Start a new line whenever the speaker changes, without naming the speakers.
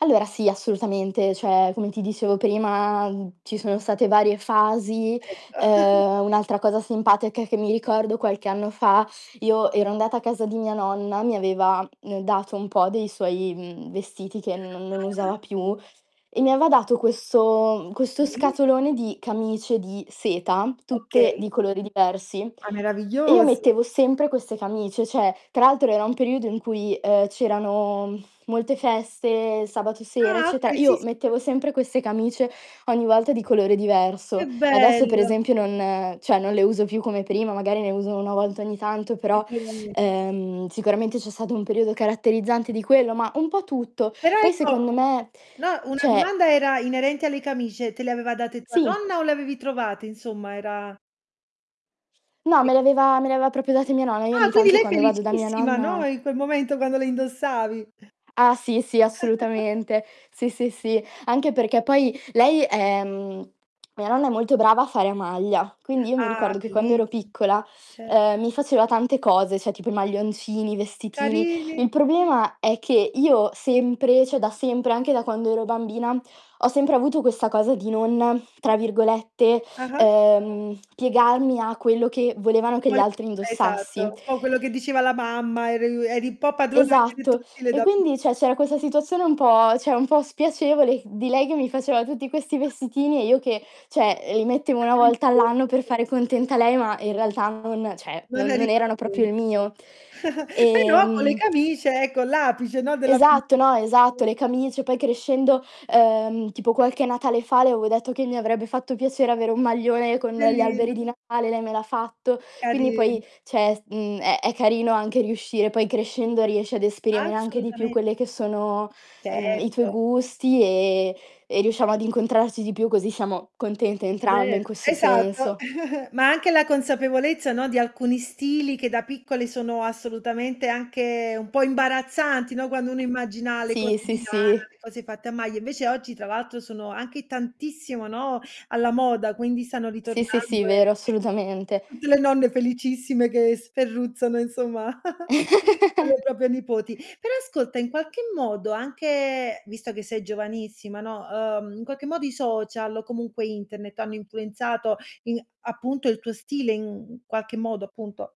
Allora sì assolutamente, cioè, come ti dicevo prima ci sono state varie fasi.
Ecco.
Ehm, un'altra cosa simpatica che mi ricordo qualche anno fa, io ero andata a casa di mia nonna, mi aveva, mh, dato un po' dei suoi, mhmm, vestiti che non non
Ah.
usava più e mi aveva dato questo
È
questo
bellissi
scatolone di camicie di seta, tutte
Okay.
di colori diversi
Ah
e io
meraviglioso
mettevo sempre queste camicie, cioè, tra l'altro era un periodo in cui, uhm, c'erano molte feste, sabato sera,
Ah,
eccetera.
okay, sì,
Io
sì.
mettevo sempre queste camicie ogni volta di colore
Che
diverso. Adesso per
bello.
esempio non cioè, non le uso più come prima, magari ne uso una volta ogni tanto, però,
[unintelligible]
ehm, sicuramente c'è stato un periodo caratterizzante di quello, ma un po' tutto.
Però
Poi
ecco,
secondo me,
no, una
cioè
domanda era inerente alle camicie, te le aveva date tua
Sì.
nonna o le avevi trovate insomma? Era
No,
Sì.
me l'aveva me l'aveva proprio date mia nonna. Io
Ah,
ogni
quindi
tanto
lei
quando vado da mia
felicissima, no,
nonna
in quel momento quando le indossavi.
Ah, sì, sì assolutamente. Sì, sì, sì. Anche perché poi lei è mhmm, mia nonna è molto brava a fare a maglia, quindi io mi
Ah,
ricordo che quando ero
bellissimo,
piccola,
certo.
ehm, mi faceva tante cose, cioè tipo i maglioncini, vestitini.
Carine,
Il
sì.
problema è che io sempre cioè, da sempre, anche da quando ero bambina, ho sempre avuto questa cosa di non tra virgolette,
Ah-ah.
ehm, "piegarmi" a quello che volevano che
Ma
gli
le
altri
esatto,
indossassi.
un po' quello che diceva la mamma, eriu eri un po' padrona anche del
Esatto.
tuo stile
E
da pi
quindi cioè, c'era questa situazione un po' cioè, un po' spiacevole di lei che mi faceva tutti questi
[unintelligible]
vestitini e io che cioè, li mettevo 1
Facevi il
volta all'anno
broncio
per
tu.
fare contenta lei, ma in realtà non cioè,
Non
non
eri
non erano proprio il
cosciente.
mio.
Però co' le
Ehm
camicie, ecco, l'apice, no, della
Esatto,
felicità
no,
perché
esatto.
[unintelligible]
Le camicie poi crescendo uhm, tipo qualche Natale fa le avevo detto che mi avrebbe fatto piacere avere un maglione con gli
Bellina.
alberi di Natale, lei me l'ha fatto. Quindi poi,
Carin
cioè è s mhmm, è è carino anche riuscire poi crescendo riesci ad esprimere anche di più
Assolutame
quelle che sono, mhmm, i tuoi
Certo.
gusti e e riusciamo ad incontrarci di più così siamo contente entrambe in
Ver
questo
esatto,
senso.
ma anche la consapevolezza, no, di alcuni stili che da piccoli sono assolutamente anche un po' imbarazzanti, no, quando uno immagina le
Sì,
cose
sì,
di lana,
sì.
le cose fatte a maglia, invece oggi tra l'altro sono anche tantissimo, no, alla moda, quindi stanno
Sì, sì, sì,
ritornando e
vero assolutamente.
tutte le nonne felicissime che sferruzzano insomma, per le proprie nipoti. Però ascolta in qualche modo anche visto che sei giovanissima, no, uhm, in qualche modo i social o comunque internet hanno influenzato i appunto il tuo stile in qualche modo appunto?